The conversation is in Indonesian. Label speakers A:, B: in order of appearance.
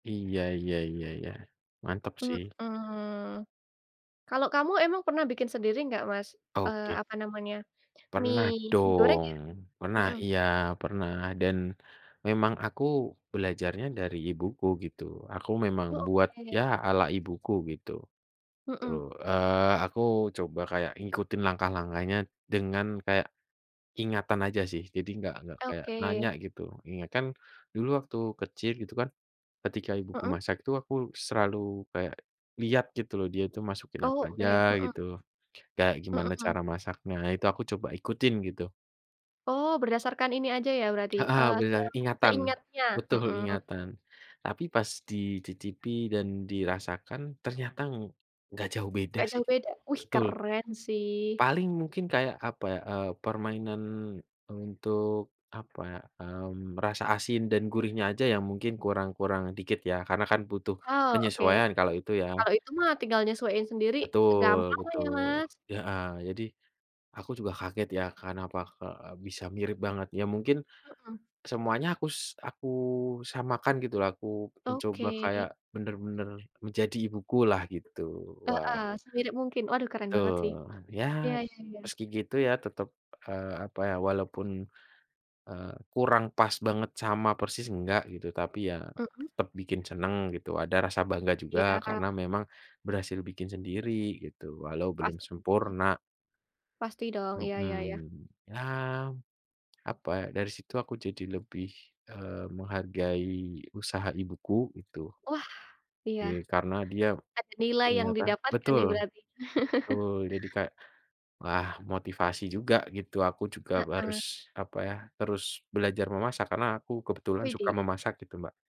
A: Iya iya iya iya, mantap
B: Mhm.
A: sih.
B: Kalau kamu emang pernah bikin sendiri nggak, Mas? Eee,
A: Oke.
B: apa namanya,
A: Pernah
B: mie mie goreng
A: dong,
B: ya?
A: pernah,
B: Mhm.
A: iya, pernah, dan memang aku, belajarnya dari ibuku, gitu. Aku memang
B: Oh,
A: buat, ya,
B: oke.
A: ala ibuku gitu, gitu,
B: Mhm.
A: eee, aku coba kayak ngikutin langkah-langkahnya, dengan kayak, ingatan aja sih. Jadi, enggak enggak kayak nanya
B: Oke.
A: gitu, ingat kan, dulu waktu kecil gitu kan. Ketika ibuku
B: Heeh.
A: masak, itu aku selalu kayak, lihat gitu loh. Dia itu masukin apa
B: Oh e,
A: aja?
B: heeh.
A: Gitu, kayak, gimana
B: Heeh
A: cara masaknya? Itu aku coba ikutin, gitu.
B: Oh, berdasarkan ini aja ya berarti,
A: Heeh,
B: eee, se
A: alhamdulillah ingatan,
B: seingatnya?
A: betul,
B: Mhm.
A: ingatan. Tapi pas dicicipi, dan dirasakan, ternyata ng nggak jauh beda
B: Nggak
A: sih.
B: jauh beda? Wih,
A: Betul.
B: keren sih.
A: Paling mungkin kayak, apa ya, eee, permainan, untuk, apa ya, mmm, rasa asin dan gurihnya aja yang mungkin kurang kurang dikit ya, karena kan butuh,
B: Oh, oke.
A: penyesuaian kalau itu ya.
B: Kalau itu mah tinggal nyesuaiin sendiri? Gampang
A: Betul
B: lah, ya
A: betul
B: Mas.
A: heeh. Jadi, aku juga kaget ya, kenapa ke bisa mirip banget? Ya mungkin,
B: Mhm.
A: semuanya akus aku samakan, gitu lah, aku mencoba
B: Oke.
A: kayak, benar-benar menjadi ibuku lah gitu,
B: Heeh,
A: wah
B: semirip mungkin, waduh keren banget sih.
A: betul, ya,
B: Ya ya ya.
A: meski gitu ya, tetap, eee, apa ya, walaupun, eee, kurang pas banget sama persis enggak gitu. Tapi ya,
B: Mhm.
A: tetap bikin senang gitu, ada rasa bangga juga,
B: Iya.
A: karena memang berhasil bikin sendiri, gitu, walau belum
B: Pasti dong.
A: sempurna
B: Pasti dong, iya iya iya.
A: mhm, ya, apa ya, dari situ aku jadi lebih, eee, menghargai usaha ibuku, gitu
B: Wah, iya.
A: oke, karena dia,
B: Ada nilai yang
A: ternyata
B: didapatkan
A: betul,
B: nih berarti?
A: betul jadi kayak, wah motivasi juga gitu, aku juga harus,
B: Heeh.
A: apa ya, terus belajar memasak, karena aku kebetulan suka
B: Widih.
A: memasak, gitu Mbak.